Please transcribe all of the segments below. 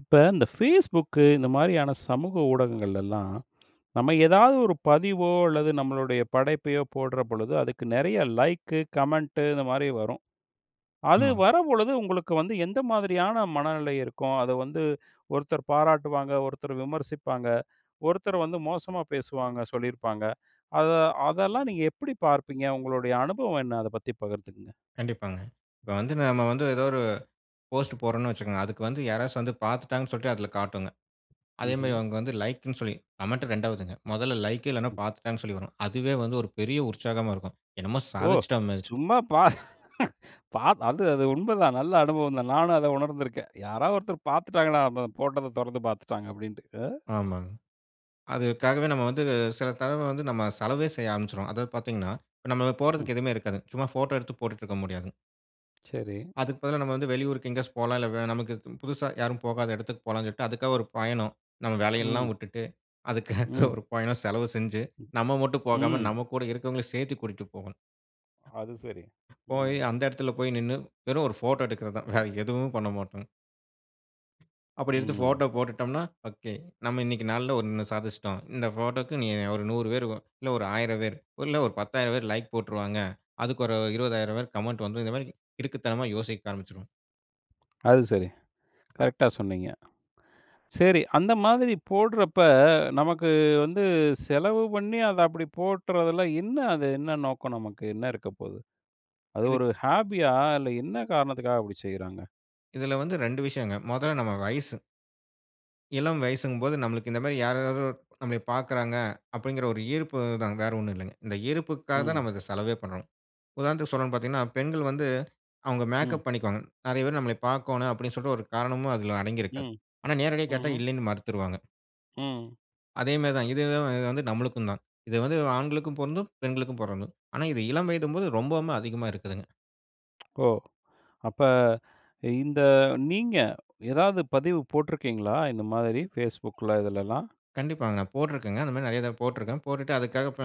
இப்ப இந்த Facebook இந்த மாதிரியான சமூக ஊடகங்கள்லலாம் நம்ப ஏதாவது ஒரு பதிவோ அல்லது நம்மளுடைய படைப்பையோ போடுற பொழுது, அதற்கு நெறைய லைக், கமெண்ட் இந்த மாதிரி வரும். அது ஆமாங்க. வரும் பொழுது உங்களுக்கு வந்து எந்த மாதிரியான மனநிலை இருக்கும்? அத வந்து ஒருத்தர் பாராட்டுவாங்க, ஒருத்தர் விமர்சிப்பாங்க. ஒருத்தர் வந்து மோசமா பேசுவாங்க சொல்லியிருப்பாங்க. அத அதெல்லாம் நீங்க எப்படி பார்ப்பீங்க? உங்களுடைய அனுபவம் என்ன அத பத்தி பகிர்ந்துக்கங்க. கண்டிப்பாங்க. இப்போ வந்து நம்ப வந்து ஏதோ ஒரு போஸ்ட் போடுறோம்னு வச்சிக்கோங்க. அதுக்கு வந்து யாராச்சும் வந்து பாத்துட்டாங்கன்னு சொல்லிட்டு அதுல காட்டுங்க. அதே ம்ஹ்ம். மாதிரி அவங்க வந்து லைக்னு சொல்லி, கமெண்ட் ரெண்டாவதுங்க. மொதல லைக் இல்லன்னா, ம். பாத்துட்டாங்கன்னு சொல்லி வரும். அதுவே வந்து ஒரு பெரிய உற்சாகமா இருக்கும். என்னமோ ஓ! சாதிச்சிட்டா மாதிரி. சும்மா பா பா அது அது உண்மைதான் நல்ல அனுபவம் தான். நானும் அத உணர்ந்துருக்கேன். யாராவது ஒருத்தங்க பாத்துட்டாங்கன்னா, நம்ம போட்டத தொறந்து பாத்துட்டாங்க. அப்டீன்ட்டு. அ. ஆமாங்க. அதற்காகவே நம்ப வந்து சில தடவ வந்து நம்ப செலவே செய்ய ஆரமிச்சிடுவோம். அதாவது பாத்தீங்கன்னா, இப்ப நம்ப ம். போடுறதுக்கு எதுவுமே இருக்காது. சும்மா போட்டோ எடுத்து போட்டுட்டு இருக்க முடியாதுங்க. சரி. அதுக்கு பதிலா, நம்ம வந்து வெளியூருக்கு எங்கேயாச்சும் போகலாம். இல்ல வெ நமக்கு பு புதுசா யாரும் போகாத இடத்துக்கு போகலாம்னு சொல்லிட்டு, அதுக்காக ஒரு பயணம். நம்ம வேலை எல்லாம் ம். வுட்டுட்டு. அதற்காக ம். ஒரு பயணம் செலவு செஞ்சி, ம், நம்ம மட்டும் போகாம, ம். நம்ம கூட இருக்குறவங்களையும் சேர்த்தி கூட்டிட்டு போகணும். அது சரி. போயி ம். அந்த இடத்துல, போய் நின்னு வெறும் ஒரு போட்டோ எடுக்குறது தான். வேற எதுவும் பண்ணமாட்டோம். அப்டி எடுத்து ம். போட்டோ போட்டுட்டோம்னா ஒகே, நம்ம இன்னிக்கு நாள்ல ஒண்ணு சாதிச்சுட்டோம். இந்த போட்டோக்கு இனி ஒரு 100 பேரு, இல்ல ஒரு 1000 பேரு, இல்ல ஒரு 10000 பேரு லைக் போட்ருவாங்க. அதுக்கு ஒரு 20000 பேரு கமெண்ட் வந்து இந்த மாறிக்கு கிறுக்குத்தனமா யோசிக்க ஆரம்பிச்சுருவோம். அது சரி. அ. கரெக்ட்டா சொன்னீங்க. சரி, அந்த மாதிரி போடுறப்ப, நமக்கு வந்து செலவு பண்ணி அத அப்டி போட்றதில்ல என்ன அது? என்ன நோக்கம் நமக்கு என்ன இருக்கப்போது? அது இதுக் ஒரு ஹாபியா இல்ல என்ன காரணத்துக்காக அப்டி செய்றாங்க? இதுல வந்து 2 விஷயங்க. மொத நம்ம வயசு. இளம் வயசுங்கும் போது நம்ளுக்கு இந்த மாரி, யார் யாரோ நம்மை பாக்கிறாங்க? அப்டிங்குற ஒரு ஈர்ப்பு தான். வேற ஒண்ணும் இல்லங்க. இந்த ஈர்ப்புக்காக தான் ம். நம்ம இத செலவே பண்றோம். உதாரணத்துக்கு சொல்லனும்னு பாத்தீங்கன்னா, பெண்கள் வந்து, அவுங்க ம். மேக்கப் பண்ணிக்குவாங்க. நிறைய பேரு நம்ளைய பாக்கோணும், அப்டின்னு சொல்ட்டு ஒரு காரணமும் அதில அடங்கி இருக்கு. ம், ஆனா நேரடியா கேட்டா, ம்ஹ்ம். இல்லைன்னு மருத்துருவாங்க. ம். அதே மாரி தான், இது தே வந்து நம்ளுக்குந்தான். இது வந்து ஆண்களுக்கும் பொருந்தும், பெண்களுக்கும் பொருந்தும். ஆனா, இது இளம் வயதும்போது ரொம்போமே அதிகமா இருக்குதுங்க. ஓ! அப்ப, இந்த நீங்க, ஏதாவது பதிவு போட்ருக்கீங்களா? இந்த மாதிரி Facebookல இதுலலாம்? கண்டிப்பாங்க. போட்ருக்கேங்க. இந்த மாரி நிறைய தரவ போட்ருக்கேன். போட்டுட்டு அதுக்காக ப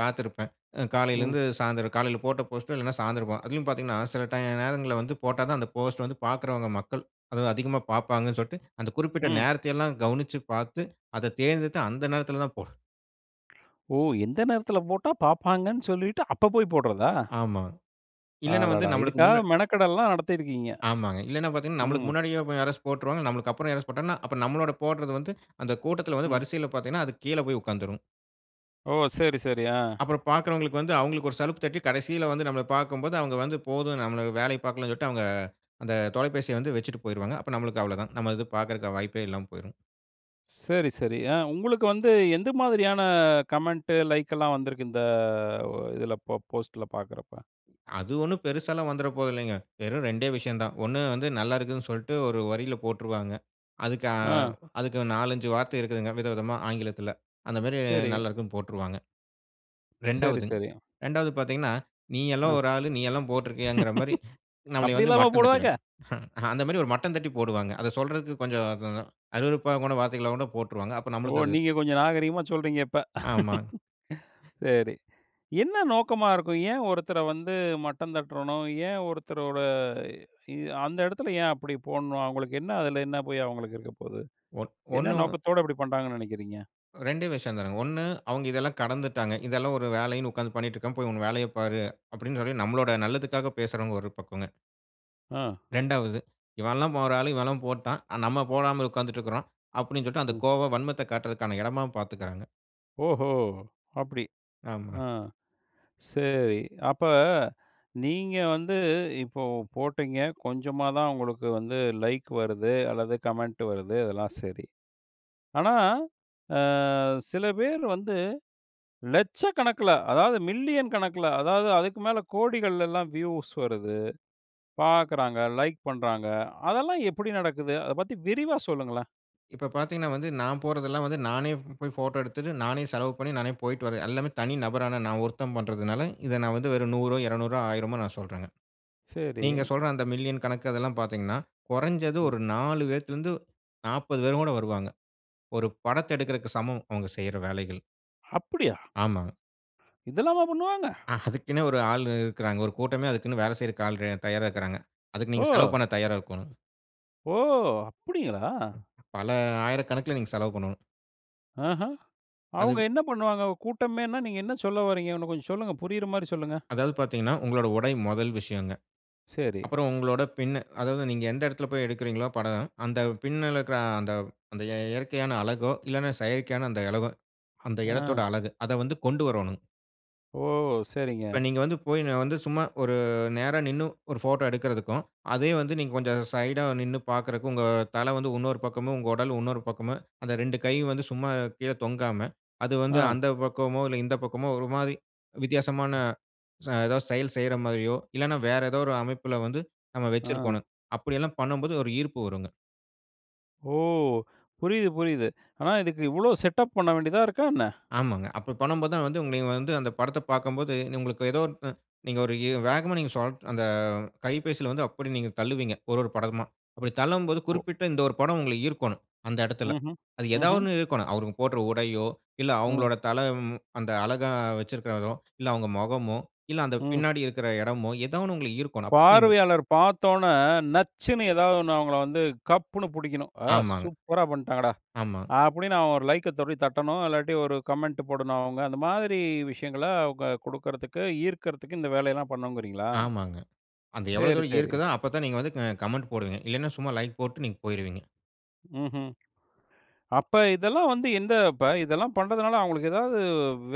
காத்திருப்பேன். அ ம். காலையிலருந்து சாயந்திரம் காலையில போட்ட போஸ்ட்டு, இல்லன்னா சாயந்திரம் பா அதிலும் பாத்தீங்கன்னா, சில டை நேரங்கள்ல வந்து போட்டா தான், அந்த போஸ்ட் வந்து பாக்கிறவங்க மக்கள், அது அதிகமா பாப்பாங்கன் சொல்ட்டு அந்த குறிப்பிட்ட ம். நேரத்தை எல்லாம் கவனிச்சு பாத்து, அத தேர்ந்தெடுத்து அந்த நேரத்தில தான் போடு ஓ! lஎந்த நேரத்துல போட்டா பாப்பாங்கன்னு சொல்லிட்டு அப்ப போய் போடுறதா? ஆமா. இல்லன்னா வந்து அடடா! நம்மளுக்கு முன்ன இதுக்காக மெனக்கெடல்லாம் நடத்திருக்கீங்க. ஆமாங்க. இல்லன்னா, பாத்தீங்கன்னா, நம்மளுக்கு ம். முன்னாடியே யாராச்சு போட்ருவாங்க. நம்மளுக்கு அப்புறம் யாராச்சும் போட்டாங்கன்னா, அப்ப நம்மளோட போடுறது வந்து அந்த கூட்டத்துல வந்து, ம். வரிசையில பாத்தீங்கன்னா, அது கீழ போய் உக்காந்துரும். ஓ! சரி, சரி, ஆ. அப்புறம் பாக்கிறவங்களுக்கு வந்து, அவுங்களுக்கு ஒரு சலுப்பு தட்டி, கடைசில வந்து நம்பள பாக்கும்போது அவுங்க வந்து போதும், நம்மள வேலைய பாக்கலான்னு சொல்ட்டு, அவுங்க அந்த தொலைபேசிய வந்து வெச்சுட்டு போயிருவாங்க. அப்ப நம்மளுக்கு அவ்ளோதான். நம்ம இது பாக்கறதுக்கான வாய்ப்பே இல்லாம போயிருஙம். சரி, சரி. ஆ உங்களுக்கு வந்து எந்த மாதிரியான கமெண்ட்டு, லைக்கெல்லாம் வந்துருக்கு? இந்த வ இதுல போ போஸ்ட்ல பாக்குறப்ப. அது ஒண்ணும் பெருசாலாம் வந்துற போறதில்லைங்க. வெறும் 2 விஷயந்தான். ஒண்ணு வந்து, நல்லாருக்குன்னு சொல்ட்டு ஒரு வரியில போட்ருவாங்க. அதுக்கு ஆ, ஆ. அதுக்கு 4, 5 வார்த்தை இரக்குதுங்க வித விதமா ஆங்கிலத்தில அந்த மாரி சரி. நல்லாருக்குன்னு போட்ருவாங்க. சரி, ரெண்டாவதுங்க சரி. 2 பாத்தீங்கன்னா, “நீ எல்லாம் ஆ. ஒரு ஆளு, நீ எல்லாம் போட்ருக்கியாங்கிற" மாரி நம்மளய அப்டி வந்து எல்லாமா போடுவாங்க? மட்டந்தட்டிவாய்ங். அந்த மாரி ஒரு மட்டந்தட்டி போடுவாங்க. அத சொல்றதுக்கு கொஞ்சம் அத அருவருப்பா கூட வார்த்தைங்களா கூட போட்ருவாங்க. அப்போ ஓ! நம்பளுக்கு அது. நீங்க கொஞ்சம் நாகரிகமா சொல்றீங்க, இப்ப! ஆமாங். சரி. என்ன நோக்கமா இருக்கும்? ஏன் ஒருத்தர வந்து மட்டம் தட்ரணும்? ஏன் ஒருத்தரோட இ அந்த இடத்துல ஏன் அப்படி போடணும்? அவுங்களுக்கு என்ன அதில என்ன போய் அவுங்களுக்கு இருக்கப்போது, ஒன் என்ன ஒண்ணு, நோக்கத்தோட இப்புடி பண்றாங்கன்னு நினைக்கிறீங்க? 2 விஷயம் தானுங்க. 1, அவுங்க இதெல்லாம் கடந்துட்டாங்க, "இதெல்லாம் ஒரு வேலைன்னு உக்காந்து பண்ணிட்ருக்காம, போய் உங்க வேலையப் பாரு” அப்டின்னு சொல்லி நம்மலோட நல்லதுக்காக பேசுறவங்க ஒரு பக்கங்க. அ. 2ஆவது, "இவன்லாம் ஒரு ஆளு, இவன்லாம் போட்டான். ஆனா, நம்ம போடாமல் உக்கார்ந்துட்ருக்றோம்." அப்படீன்னு சொல்லிட்டு அந்த ம். கோவம் வன்மத்த காட்றதுக்கான எடமாவும் பார்த்துக்குறாங்க. ஓஹோ! அப்படி, ஆமா. ஆ சரி. அப்ப நீங்க வந்து இப்போ போட்டீங்க. கொஞ்சமா தான் உங்களுக்கு வந்து லைக் வருது. அல்லது கமெண்ட் வருது. அதெல்லாம் சரி. ஆனா, அ சில பேரு வந்து லட்ச கணக்குல, அதாவது மில்லியன் கணக்குல, அதாவது அதுக்கு மேல கோடிகள்லலாம் வியூஸ் வருது. பார்க்குறாங்க, லைக் பண்றாங்க. அதெல்லாம் எப்படி நடக்குது? அத பத்தி விரிவா சொல்லுங்களேன். இப்ப பார்த்தீங்கன்னா வந்து, நான் போறதெல்லாம் வந்து, நானே போய் ஃபோட்டோ எடுத்துட்டு, நானே செலவு பண்ணி, நானே போய்ட்டு வருவேன். எல்லாமே தனி நபரான நான் ஒருத்தன் பண்றதுனால, இத நான் வந்து வெறும் 100ஓ, 200ஓ, 1000ஓ நான் சொல்றேங்க. சரி. நீங்க சொல்ற அந்த மில்லியன் கணக்கு அதெல்லாம் பார்த்தீங்கன்னா, கொறஞ்சது ம். ஒரு 4 பேத்துல இருந்து 40 பேர் கூட வருவாங்க. ஒரு படத்த எடுக்குறதுக்கு சமம் அவங்க செய்ற வேலைகள். அப்படியா? ஆமாங்க. இதெல்லாமா பண்ணுவாங்க. அ அதுக்குன்னே 1 ஆளு இருக்குறாங்க. 1 கூட்டமே அதுக்குன்னு வேலை செய்றதுக்கு ஆள் ரெ தயாரா இருக்குறாங்க. அதுக்கு நீங்க செலவு ஓ! பண்ண தயாரா இருக்கோணும். ஓ! அப்டிங்களா? பல ஆயிரக்கணக்கல நீங்க செலவு பண்ணனும். ஆஹம். அவங்க அது. என்ன பண்ணுவாங்க கூட்டமேனா, நீங்க என்ன சொல்ல வறீங்க, இன்னம் கொஞ்சம் சொல்லுங்க. புரியற மாரி சொல்லுங்க. அதாவது பாத்தீங்கன்னா, உங்களோட உடை முதல் விஷயம்ங்க. சரி. அப்புறம் உங்களோட பின் அதாவது நீங்க எந்த இடத்துல போய் எடுக்கிறீர்களோ படம் அந்த பின்ல இருக்கிற அந்த, அந்த எ இயற்கையான அழகோ இல்லனா, செயற்கையான அந்த அழகோ அந்த ஆ. எடத்தோட அழகு அத வந்து கொண்டு வரணுங்க ஓ! இப்ப சரிங்க. நீங்க வந்து போய் நான் வந்து சும்மா, ஒரு நேரா நிண்ணு ஒரு ஃபோட்ட எடுக்கறதுக்கும். அதே வந்து நீங்க கொஞ்சம் சைடா நிண்ணு பார்க்கறக்கும் உங்க தல வந்து இன்னொரு பக்கமும் உங்க உடல் இன்னொரு பக்கமும் அந்த 2 கை வந்து சும்மா கீழே தொங்காம, அது வந்து ஆ. அந்த பக்கமோ இல்ல இந்த பக்கமோ ஒரு மாதிரி வித்தியாசமான, ச ஏதாவது செயல் செய்ற மாரியோ இல்லன்னா வேற ஏதோ ஒரு அமைப்புல வந்து நம்ம ஆ. வச்சுருக்கணும். அப்டியெல்லாம் பண்ணும்போது ஒரு ஈர்ப்பு வருங்க. ஓ! புரியிது, புரியிது. ஆனா இதுக்கு இவ்ளோ செட்டப் பண்ண வேண்டியதா இருக்கா என்ன? ஆமாங்க. அப்ப பண்ணும்போது தான் வந்து உங்கள வந்து அந்த படத்த பாக்கும்போது, உங்களுக்கு ஏதோ நீங்க ஒரு வேகமா சோ நீங்க அந்த கைபேசியில வந்து அப்டி நீங்க தள்ளுவீங்க. ஒரு, ஒரு படமா அப்டி தள்ளும்போது ஒ! குறிப்பிட்ட இந்த ஒரு படம் உங்கள ஈர்க்கணும், அந்த இடத்துல. ம்ஹ்ம், அது ஏதாவது ம்ஹ்ம். ஒண்ணு ஈர்க்கணும், அவங்க போடுற உடையோ இல்ல, ம். அவங்களோட தல ம் அந்த அழகா வச்சுருக்கிறதோ இல்ல, அவங்க மொகமோ இல்ல அந்த ம். பின்னாடி இருக்குற எடமோ ஏதா ஒண்ணு உங்கள ஈர்க்கணும். அப்ப நீங்க பார்வையாளர் பார்த்தோனே நச்சுன்னு ஏதாவது ஒண்ணு, அவங்கள வந்து கப்புனு புடிக்கணும். "ஆ! ஆமாங்க. சூப்பரா பண்ட்டாங்கடா" ஆமா. அப்டின்னு அவன் ஒரு லைக்க தொடி தட்டணும் இல்லாட்டி ஒரு கமெண்ட் போடணும் அவங்க. அந்த மாதிரி விஷயங்கள அவங்க குடுக்குறதுக்கு, ஈர்க்கிறதுக்கு இந்த வேலையெல்லாம் பண்ணுங்கிறீங்களா? ஆமாங்க. அந்த எவ்ளோ சரி, தூரம் சரி. ஈர்க்குதோ அப்ப தான் நீங்க வந்து க கமெண்ட் போடுவீங்க. இல்லனா சும்மா லைக் போட்டு நீங்க போயிருவீங்க. ம்ஹ்ம். அப்ப, இதெல்லாம் வந்து, எந்த இப்ப இதெல்லாம் பண்ணுறதுனால அவுங்களுக்கு எதாவது,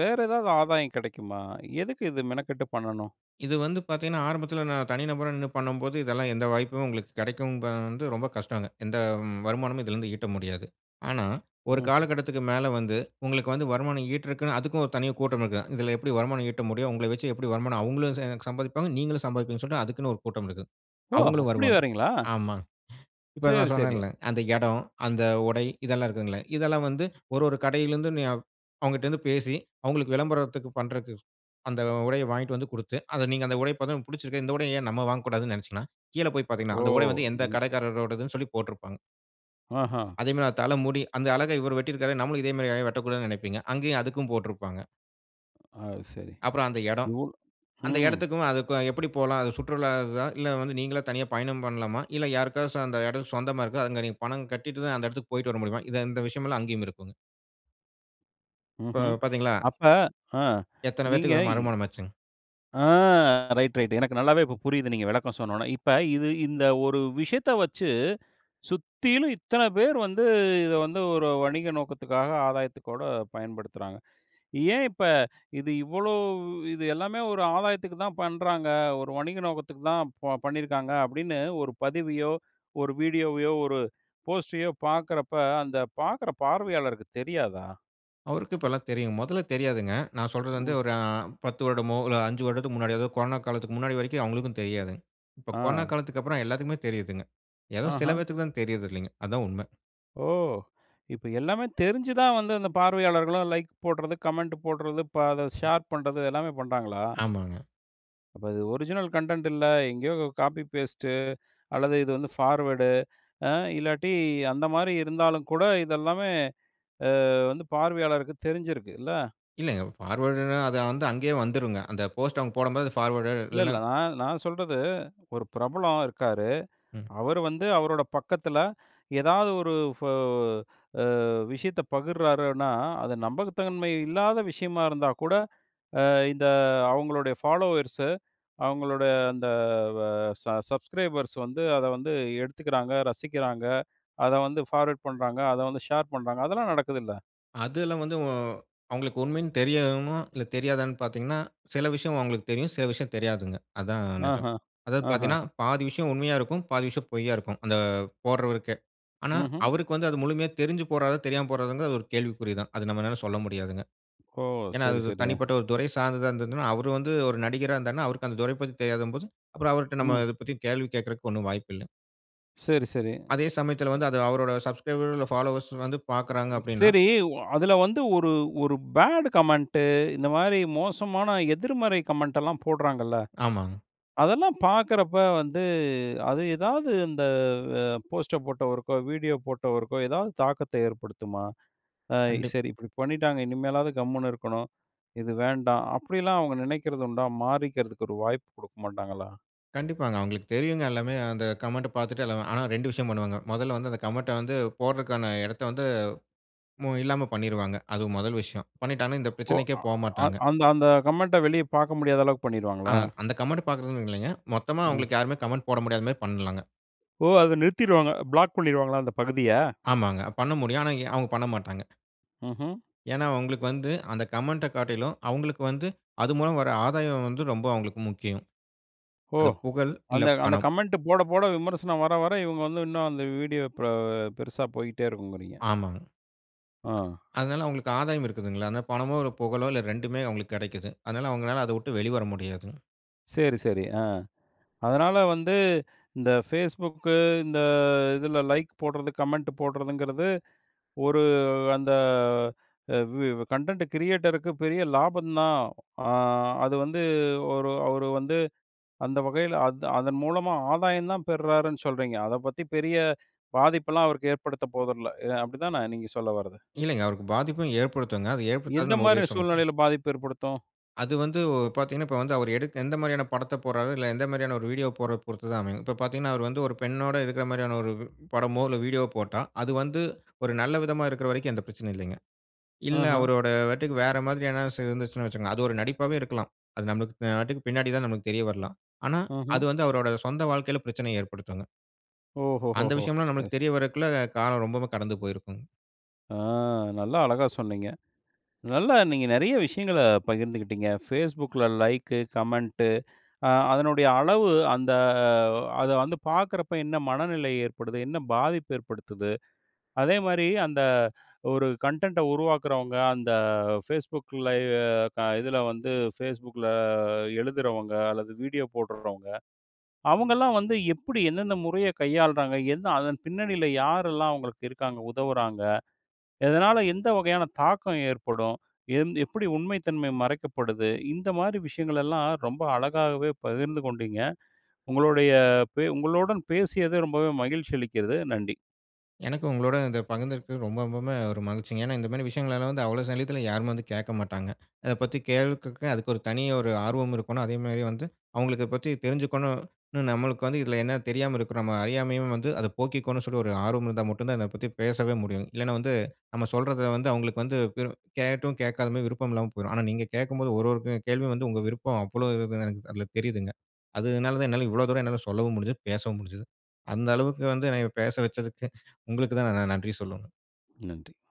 வேற எதாவது ஆதாயம் கெடைக்குமா? எதுக்கு இது மெனக்கெட்டு பண்ணணும்? இது வந்து பாத்தீங்கன்னா, ஆரம்பத்தில நான் தனி நபரா நின்னு பண்ணம்போது, இதெல்லாம் எந்த வாய்ப்பும் உங்களுக்கு கெடைக்கும்ன்ப வந்து ரொம்ப கஷ்டங்க. எந்தம் வருமானமும் இதுலருந்து ஈட்ட முடியாது. ஆனா, ஒரு ம். காலகட்டத்துக்கு மேல வந்து, உங்களுக்கு வந்து வருமானம் ஈட்டுறக்குன்னு அதுக்கும் ஒரு தனியா கூட்டமிருக்கும். இதில எப்டி வருமானம் ஈட்ட முடியும்? உங்கள வச்சி எப்படி வருமானம் அவுங்களும் ச சம்பாதிப்பாங்க, நீங்களும் சம்பாதிப்பீங்கன்னு சொல்ட்டு அதுக்குன்னு ஒரு கூட்டம் இருக்கு. ஓ! அவுங்களும் அப்படி வருவாங்க. வேறைங்களா? ஆமா. இப்போ நான் சேரி, சேரி. சொன்னேன்ல்ல. அந்த எடம், அந்த உடை இதெல்லாம் இருக்குதுங்கல, இதெல்லாம் வந்து ஒரு ஒரு கடையிலருந்து நீ அவு அவுங்கட்டருந்து பேசி, அவுங்களுக்கு விளம்பரத்துக்கு பண்றக்கு, அந்த உடைய வாங்கிட்டு வந்து குடுத்து, அத நீங்க அந்த உடைய பாத்தாவொனே புடிச்சிருக்கு. இந்த உடைய ஏன் நம்ம வாங்கக்கூடாதுன்னு நெனச்சீங்கன்னா, கீழே போய் பாத்தீங்கன்னா, ஓ! அந்த உடை வந்து, எந்த ம். கடைக்காரரோடதுன்னு சொல்லி போட்டுருப்பாங்க. ஆஹா. அதே மாரி அ தலமுடி. அந்த அழகா இவரு வெட்டிருக்காரே, நாமளும் இதே மாரி ஏன் வெட்டக்கூடாதுன்னு நினைப்பீங்க. அங்கேயும் அதுக்கும் போட்ருப்பாங்க. அது சரி. அப்புறம் அந்த எடம். இவ்வள அந்த ம். எடத்துக்கும் அதுக்கும் எப்படி போலாம்? அது சுற்றுலா இதா, இல்லை வந்து, நீங்களே தனியா பயணம் பண்ணலாமா? இல்லை. யாருக்காச்சம் அந்த எடம் சொந்தமா இருக்கோ? அங்க நீங்க பணம் கட்டிட்டு தான், அந்த எடத்திற்கு போய்ட்டு வர முடியுமா? இத இந்த விஷயமல்லாம் அங்கேயுமிருக்குங்க. இப்போ ம்ஹ்ம். பாத்தீங்களா? அப்ப ஆ எத்தனை நீங்க பேத்துக்கு ஒரு மறுமணம் ஆச்சுங்க? ஆ ரைட் ரைட், எனக்கு நல்லாவே இப்ப புரியுது. நீங்க விளக்கம் சொன்னோன, இப்ப இது இந்த ஒரு விஷயத்த வச்சு, சுத்தீலும் இத்தனை பேர் வந்து, இத வந்து ஒரு வணிக நோக்கத்துக்காக ஆதாயத்துக்கூட பயன்படுத்துறாங்க. ஏன் இப்ப இது இவ்வளோ இது எல்லாமே ஒரு ஆதாயத்துக்கு தான் பண்ணுறாங்க. ஒரு வணிக நோக்கத்துக்கு தான் ப பண்ணியிருக்காங்கனு, அப்டீன்னு ஒரு பதிவையோ, ஒரு வீடியோவையோ, ஒரு போஸ்ட்டையோ பாக்குறப்ப அந்த பாக்குற பார்வையாளருக்கு தெரியாதா? அவருக்கு இப்பல்லாம் தெரியும். மொதல தெரியாதுங்க. நான் சொல்றது வந்து ம். ஒரு ஆ 10 வருடமோ இல்ல, 5 வருடத்துக்கு முன்னாடி, அதாவது கொரோனா காலத்துற்கு முன்னாடி வரைக்கும் அவங்களுக்கும் தெரியாது. இப்போ கொரோனா ஆ. காலத்துக்கப்புறம் எல்லாருக்குமே தெரியுதுங்க. ஏதோ சில ஆஹா. பேருக்கு தான் தெரியறது இல்லங்க. அதுதான் உண்மை. ஓ! இப்ப எல்லாமே தெரிஞ்சி தான் வந்து, அந்த பார்வையாளர்களு லைக் போடுறது, கமெண்ட் போடுறது, ஷேர் பண்ணுறது எல்லாமே பண்ணுறாங்களா? ஆமாங்க. அப்ப அது ஒரிஜினல் கன்டென்ட் இல்ல, எங்கேயோ காப்பி, பேஸ்ட்டு அல்லது இது வந்து ஃபார்வேர்டு அ இல்லாட்டி, அந்த மாரி இருந்தாலும் கூ, ட இதெல்லாமே அ வந்து பார்வையாளருக்கு தெரிஞ்சிருக்கு இல்ல. இல்லங்க. ஃபார்வார்டுனா அது வந்து அங்கேயே வந்துருங்க. அந்த போஸ்ட் அவங்க போடும்போது ஃபார்வார்டெட் இல்ல, இல்லனா இல்ல. நான் நான் சொல்றது. ஒரு பிரபலம் இருக்காரு. ம். அவரு வந்து அவரோட பக்கத்துல எதாவது ஒரு ஃப ஆ விஷயத்த பகிர்றாருன்னா, அது நம்பகத்தன்மை இல்லாத விஷயமா இருந்தா கூட ஆ இந்த அவங்களோட ஃபாலோவர்ஸு அவங்களோட அந்த ஆ ச சப்ஸ்க்ரைபர்ஸ் வந்து, அத வந்து எடுத்துக்குறாங்க, ரசிக்கிறாங்க. அத வந்து ஃபார்வர்ட் பண்றாங்க. அத வந்து ஷேர் பண்றாங்க. அதெல்லாம் நடக்குதுல்ல? அது எல்லாம் வந்து அ அவங்களுக்கு உண்மைன்னு தெரியயுமா, இல்ல தெரியாதான்னு பார்த்தீங்கன்னா, சில விஷயம் அவங்களுக்கு தெரியும். சில விஷயம் தெரியாதுங்க. அதுதாங்க நெஜம். ஆஹம். அதாவது ஆஹம். பார்த்தீங்கன்னா, பாதி விஷயம் உண்மையா இருக்கும், பாதி விஷயம் பொய்யா இருக்கும் அந்த போடுறவருக்கே. ஆனா, ம்ஹ்ம். அவருக்கு வந்து, அது முழுமையா தெரிஞ்சு போடுறாரா? தெரியாம போடுறாராங்குது ஒரு கேள்விக்குறி தான். அது நம்மனால சொல்ல முடியாதுங்க. ஓ! ஏனா சரி, அது சரி. அ. தனிப்பட்ட ஒரு துறை சார்ந்ததா இருந்ததுனா, அவரு வந்து ஒரு நடிகரா இருந்தாருன்னா, அவருக்கு அந்த துறை பத்தி தெரியாதம்போதும், அப்புறம் அவரிட்ட நம்ம ம். இத பத்தி கேள்வி கேட்கதுக்கு ஒண்ணும் வாய்ப்பு இல்ல. சரி, சரி அதே சமயத்துல அ வந்து அது அவரோட சப்ஸ்கரைபர் இல்ல ஃபாலோயர்ஸ் வந்து பார்க்குறாங்க. அப்டின்னா சரி. ஓ அதுல வந்து ஒரு ஒரு பேடு கமெண்ட்டு இந்த மாரி மோசமான எதிர்மறை கமெண்ட்ல்லாம் போடுறாங்கல்ல. ஆமாங்க. அதெல்லாம் பார்க்குறப்ப வந்து அது எதாவது அந்த அ போஸ்ட்ட போட்டவருக்கோ, வீடியோ போட்டவருக்கோ ஏதாவது தாக்கத்த ஏற்படுத்துமா? அ கண்டிப் சரி இப்டி பண்ணிட்டாங்க. இனிமேலாவது கம்முனு இருக்கணும். இது வேண்டாம். அப்டிலாம் அவங்க நெனைக்கிறது உண்டா? மாறிக்கிறதுக்கு ஒரு வாய்ப்பு குடுக்க மாட்டாங்களா? கண்டிப்பாங்க. அவங்களுக்கு தெரியுங்க எல்லாமே, அந்த கமெண்ட்ட பாத்துட்டு ஆனா, 2 விஷயம் பண்ணுவாங்க. மொதல்ல வந்து அந்த கமெண்ட்ட வந்து போடுறதற்கான இடத்தை வந்து இல்லாம பண்ணிருவாங்க, அது முதல் விஷயம். பண்ணிட்டாங்கனா இந்த ஓ பிரச்சனைக்கே அ போமாட்டாங்க. அந்த அந்த கமெண்ட்ட வெளிய பார்க்க முடியாத அளவுக்கு ஆ பண்ணிருவாங்களா? அந்த கமெண்ட் பாக்கிறது இல்லைங்க. மொத்தமா ம். அவங்களுக்கு யாருமே கமெண்ட் போட முடியாத மாதிரி பண்ணலாங்க. ஓ! அத நிறுத்திருவாங்க. பிளாக் பண்ணிடுவாங்களா அந்த பகுதிய? ஆமாங்க, பண்ண முடியும், ஆனா அவங்க பண்ணமாட்டாங்க. ம்ஹம். ஏனா அவங்களுக்கு வந்து, அந்த கமெண்ட்ட காட்டிலும், அவங்களுக்கு வந்து, அது மூலம் வர ஆதாயம் வந்து ரொம்ப அவங்களுக்கு முக்கியம். ஓ! அது புகழ் இல்ல, அந்த அந்த பணம். கமெண்ட் போட போட விமர்சனம் வர வர இவுங்க வந்து இன்னும் அந்த வீடியோ பெ பெருசா போயிட்டே இருக்குங்கிறீங்க. ஆமாங்க. ஆ. அதனால அவங்களுக்கு ஆதாயம் இருக்கிதுல்லங்க. அதனால பணமோ, ஒரு புகழோ இல்ல, 2 அவங்களுக்கு கிடைக்குது. அதனால அவங்களால அத விட்டு வெளிவர முடியாதுங்க. சரி, சரி ஆ, அதனால வந்து, இந்த Facebookக்கு, இந்த இதுல லைக் போடுறது, கமெண்ட் போடுறதுங்கிறது, ஒரு அந்த, ஆ வி கன்டென்ட் கிரியேட்டருக்கு பெரிய லாபம் தான், ஆ அது வந்து ஒரு அவர் வந்து அந்த வகையில அதன் மூலமா ஆதாயம் தான் பெறுறாருன்னு சொல்றீங்க, அதை பத்தி பெரிய பாதிப்பெல்லாம் அவருக்கு ஏற்படுத்த போதில, அப்படி தான நீங்க சொல்ல வரது? இல்லைங்க, அவருக்கு பாதிப்பும் ஏற்படுத்துங்க, அத எந்த ஏற்படுத்தாது நம்ம உறுதியா. மாரியான [unintelligible] சூழ்நிலையில பாதிப்பு ஏற்படுத்தும்? அது வந்து பாத்தீங்கனா, இப்போ வந்து அவரு எடுக்க எந்த மாதிரியான படத்தை போடுறாரு, இல்ல எந்த மாதிரியான ஒரு வீடியோ போடுறதை பொறுத்து தான் அமையும். இப்போ பாத்தீங்கன்னா, அவர் வந்து ஒரு பெண்ணோடு இருக்கிற மாதிரியான ஒரு உ படமோ, இல்ல வீடியோ போட்டா அது வந்து, ஒரு நல்ல விதமா இருக்கிற வரைக்கும், எந்த பிரச்சனையும் இல்லிங்க. இல்ல ம்ஹ்ம். அவருடைய நடிப்புக்கு வேற மாதிரி இருந்ததுனு வச்சுக்கோங்க, அது ஒரு நடிப்பாவே இருக்கலாம், அது நமக்கு பின்னாடி தான் நமக்கு தெரியவரலாம். ஆனா, ம்ஹம். அது வந்து அவருடைய சொந்த வாழ்க்கையில பிரச்சனையை ஏற்படுத்துங்க. ஓஹோ அந்த ஹோஹோ! விஷயம்லாம் நமக்கு சரி. தெரிய வருவதற்குள்ள காலம் ரொம்பவும் கடந்து போயிருக்கும். அ நல்லா அழகா சொன்னீங்க. நல்லா நீங்க நெறைய விஷயங்கள பகிர்ந்துக்கிட்டீங்க. Facebook ல லைக்கு, கமெண்ட்டு அ அதனுடைய அளவு அந்த வ அத வந்து பாக்குறப்ப, என்ன மனநிலை ஏற்படுது? என்ன பாதிப்பு ஏற்படுத்துது? அதேமாரி அந்த ஒரு கன்டெண்ட் ட உருவாக்குறவங்க, அந்த Facebook லய்வு, க இதுல வந்து Facebook ல எழுதுறவங்க, அல்லது வீடியோ போடுறவங்க, அவுங்கலாம் வந்து எப்புடி எந்தெந்த முறைய கையாள்றாங்க? எந்த அதன் பின்னணியில யாரெல்லாம் அவங்களுக்கு இருக்காங்க! உதவுறாங்க? எதனால எந்த வகையான தாக்கம் ஏற்படும்? எந் எப்படி உண்மை தன்மை மறைக்கப்படுது? இந்த மாரி விஷயங்களெல்லாம் ரொம்ப அழகாகவே பகிர்ந்து கொண்டீங்க. உங்களுடைய பே உங்களுடன் பேசியது ரொம்பவே மகிழ்ச்சி அளிக்கிறது. நன்றி. எனக்கு உங்களோட இத பகிர்ந்துருக்கு ரொம்ப ரொம்பமே ஒரு மகிழ்ச்சிங்க. ஏன்னா, இந்த மாரி விஷயங்கள்லாம் வந்து அவ்வளவு சல்லியத்துல யாருமே வந்து கேக்க மாட்டாங்க. அத பத்தி கேள்வி கேட்க, அதுக்கு ஒரு தனி ஒரு ஆர்வம் இருக்கோணும். அதேமாரி வந்து அவுங்களுக்கு இத பத்தி தெரிஞ்சுக்கொணும் னு. நம்மளுக்கு வந்து இதுல என்ன தெரியாம இருக்குறமா, அறியாமயும் வந்து, அத போக்கிக்கணும், சொல்லி ஒரு ஆர்வம் இருந்தா மட்டும் தான். இத பத்தி பேசவே முடியும். இல்லனா, வந்து நம்ம சொல்றத வந்து அவுங்களுக்கு வந்து, கேட்டும் கேக்காத மாரி விருப்பம் இல்லாம போயிரும். ஆனா, நீங்க கேக்கும்போது ஒரு ஒரு கே கேள்வியும் வந்து உங்க விருப்பம் அவ்வளவு இருக்குன்னு, எனக்கு அதுல தெரியுதுங்க. அது னால தான், என்னால இவ்ளோ தூரம் என்னால சொல்லவும் முடிஞ்சுது, பேசவும் முடிஞ்சுது. அந்த அளவுக்கு வந்து என்னய பேச வச்சதுக்கு, உங்களுக்கு தான் நான் நன்றி சொல்லணும். நன்றி.